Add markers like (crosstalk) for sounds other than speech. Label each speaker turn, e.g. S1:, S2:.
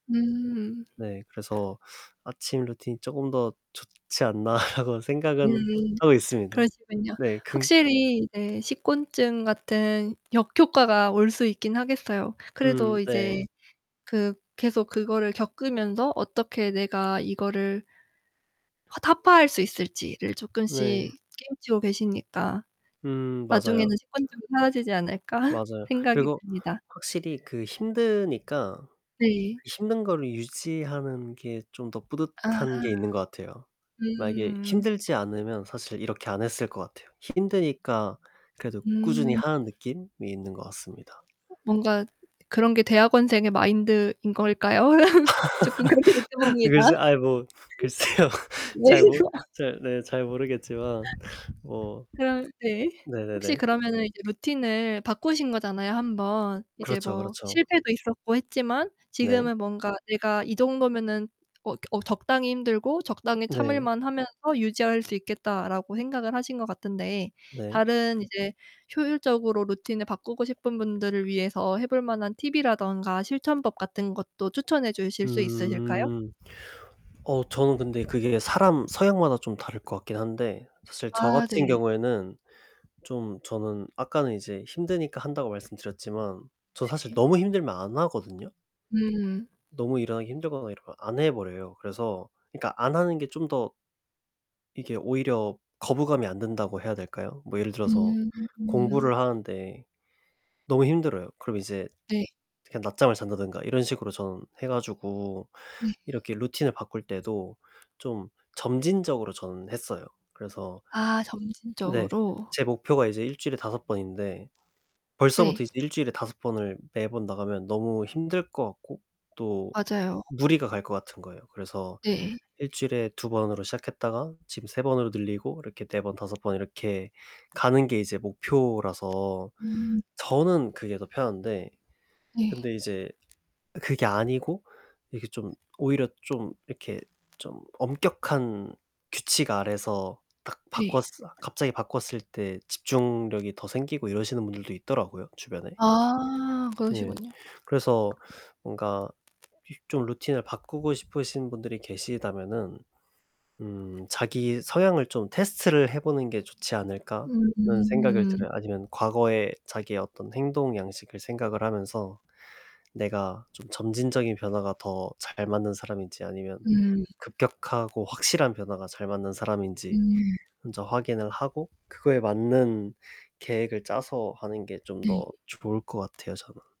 S1: 음.
S2: 네, 그래서 '아침 루틴이 쪼금 더 좋지 않나?' 라고 생각은
S1: 음.
S2: 하고 있습니다.
S1: 그러시군요.
S2: 네 긍
S1: 확실히 네 식곤증 같은 역효과가 올 수 있긴 하겠어요.
S2: 음
S1: 그래도
S2: 네.
S1: 이제 그 계속 그거를 겪으면서 어떻게 내가 이거를 허 타파할 수 있을지를
S2: 네.
S1: 조끔씩 깨우치고 계시니까
S2: 음 맞아요.
S1: '나중에는 식곤증도 사라지지 않을까?' (laughs)
S2: 맞아요.
S1: 생각이
S2: 그리고
S1: 듭니다.
S2: 확실히 그 힘드니까
S1: 네.
S2: 힘든 거를 유지하는 게 좀 더
S1: 아.
S2: 뿌듯한 게 있는 것 같아요. 만약에
S1: 음.
S2: 힘들지 않으면 사실 이렇게 안 했을 것 같아요. 힘드니까 그래도 꾸준히
S1: 음.
S2: 하는 느낌이 있는 것 같습니다.
S1: 뭔가 그런 게 대학원생의 마인드인 걸까요? (laughs) 조끔 그렇게
S2: (laughs)
S1: 느껴봅니다.
S2: 글쎄 아이 뭐 글쎄요.
S1: 네.
S2: 잘 모
S1: (laughs)
S2: 잘 네 잘 모르겠지만 뭐 (tsk)
S1: 그럼 네. 혹시
S2: 네네네.
S1: 그러면은 이제 루틴을 바꾸신 거잖아요, 1 번. 이제
S2: 그렇죠,
S1: 뭐
S2: 그렇죠.
S1: 실패도 있었고 했지만
S2: 네.
S1: 지금은 뭔가 '내가 이 정도면은 어 겨 어 적당히 힘들고 적당히
S2: 네.
S1: 참을만하면서 유지할 수 있겠다.'라고 생각을 하신 것 같은데
S2: 네.
S1: 다른 이제 효율적으로 루틴을 바꾸고 싶은 분들을 위해서 해볼 만한 팁이라든가 실천법 같은 것도 추천해 주실 수 있으실까요?
S2: 음. 어 저는 근데 그게 사람 성향마다 좀 다를 것 같긴 한데 사실 저
S1: 아
S2: 같은
S1: 네.
S2: 경우에는 좀 저는 아까는 이제 힘드니까 한다고 말씀드렸지만 저 사실
S1: 네.
S2: 너무 힘들면 안 하거든요.
S1: 음.
S2: 너무 일어나기 힘들거나 이러면 안 해버려요. 그래서 그니까 안 하는 게 좀 더 이게 오히려 거부감이 안 든다고 해야 될까요? 뭐 예를 들어서
S1: 음.
S2: 공부를 하는데 너무 힘들어요. 그럼 이제
S1: 네.
S2: 그냥 낮잠을 잔다든가 이런 식으로 전 해 가지고
S1: 네.
S2: 이렇게 루틴을 바꿀 때도 좀 점진적으로 저는 했어요. 그래서
S1: 아
S2: 네.
S1: 점진적으로.
S2: 제 목표가 이제 1 주일에 5 번인데 벌써부터
S1: 네.
S2: 이제 1 주일에 5 번을 매번 나가면 너무 힘들 것 같고 또
S1: 맞아요.
S2: 무리가 갈 것 같은 거예요. 그래서
S1: 네.
S2: 1 주일에 2 번으로 시작했다가 지금 3 번으로 늘리고 이렇게 4 번, 5 번 이렇게 가는 게 이제 목표라서
S1: 음.
S2: 저는 그게 더 편한데.
S1: 네.
S2: 근데 이제 그게 아니고 이게 좀 오히려 좀 이렇게 좀 엄격한 규칙 아래서 딱 바꿨을
S1: 네.
S2: 갑자기 바꿨을 때 집중력이 더 생기고 이러시는 분들도 있더라고요, 주변에.
S1: 아.
S2: 네.
S1: 그러시군요.
S2: 그래서 뭔가 좀 루틴을 바꾸고 싶으신 분들이 계시다면은 음 '자기 성향을 좀 테스트를 해보는 게 좋지 않을까?'라는 생각은
S1: 음.
S2: 들어요. 아니면 과거에 자기의 어떤 행동 양식을 생각을 하면서 내가 좀 점진적인 변화가 더 잘 맞는 사람인지, 아니면
S1: 음.
S2: 급격하고 확실한 변화가 잘 맞는 사람인지
S1: 음.
S2: 먼저 확인을 하고 그거에 맞는 계획을 짜서 하는 게 좀 더
S1: 네.
S2: 좋을 것 같아요, 저는.